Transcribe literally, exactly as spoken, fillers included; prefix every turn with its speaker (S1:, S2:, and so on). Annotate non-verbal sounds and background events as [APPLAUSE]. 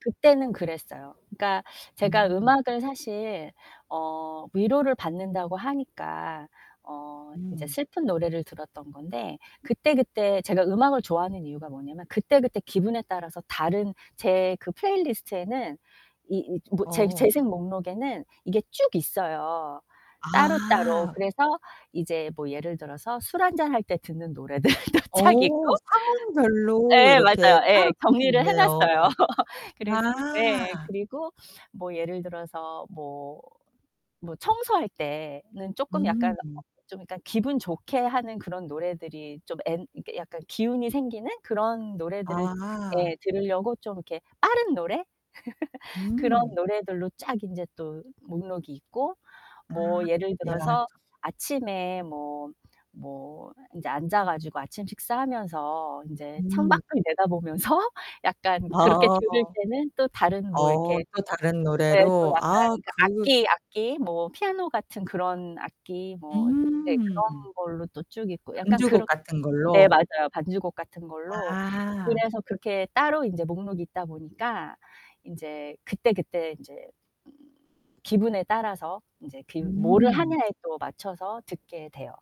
S1: 그때는 그랬어요. 그러니까 제가
S2: 음.
S1: 음악을 사실 어 위로를 받는다고 하니까 어 이제
S2: 음.
S1: 슬픈 노래를 들었던 건데 그때, 그때 제가 음악을 좋아하는 이유가 뭐냐면 그때, 그때 기분에 따라서 다른 제 그 플레이리스트에는 이 이 뭐 재
S2: 어.
S1: 재생 목록에는 이게 쭉 있어요, 따로따로.
S2: 아.
S1: 그래서 이제 뭐 예를 들어서 술 한 잔 할 때 듣는 노래들도 쫙
S2: 어.
S1: 있고
S2: 상황별로
S1: 예,
S2: 이렇게
S1: 맞아요 예.
S2: 따로 딱 딱
S1: 정리를 해 놨어요.
S2: 있네요.
S1: [LAUGHS] 그래서 그 예.
S2: 아.
S1: 그리고 뭐 예를 들어서 뭐, 뭐 청소할 때는 쪼끔 약간 어
S2: 음.
S1: 좀 약간 기분 좋게 하는 그런 노래들이 좀 엔 이렇게 약간 기운이 생기는 그런 노래들을
S2: 아.
S1: 예 들으려고 좀 이렇게 빠른 노래? [LAUGHS] 그런
S2: 음.
S1: 노래들로 쫙 인제 또 목록이 있고 뭐
S2: 아.
S1: 예를
S2: 야
S1: 들어서
S2: 저
S1: 아침에 뭐 뭐 인제 앉아 가지고 아침 식사하면서 인제
S2: 음.
S1: 창밖을 내다보면서 약간
S2: 아
S1: 그렇게 들을 때는 또 다른 뭐 이렇게
S2: 어 또 다른
S1: 예 또
S2: 노래로
S1: 약간
S2: 아
S1: 그
S2: 그
S1: 악기, 악기, 뭐 피아노 같은 그런 악기 뭐 네
S2: 음.
S1: 그런 걸로 또 쭉 있고 약간
S2: 연주곡
S1: 그런
S2: 같은
S1: 네
S2: 걸로.
S1: 맞아요. 반주곡 같은 걸로.
S2: 아.
S1: 그래서 그렇게 따로 인제 목록이 있다 보니까 인제 그때그때 인제 음 기분에 따라서 인제 그 뭐를
S2: 음.
S1: 하냐에 또 맞춰서 듣게 돼요.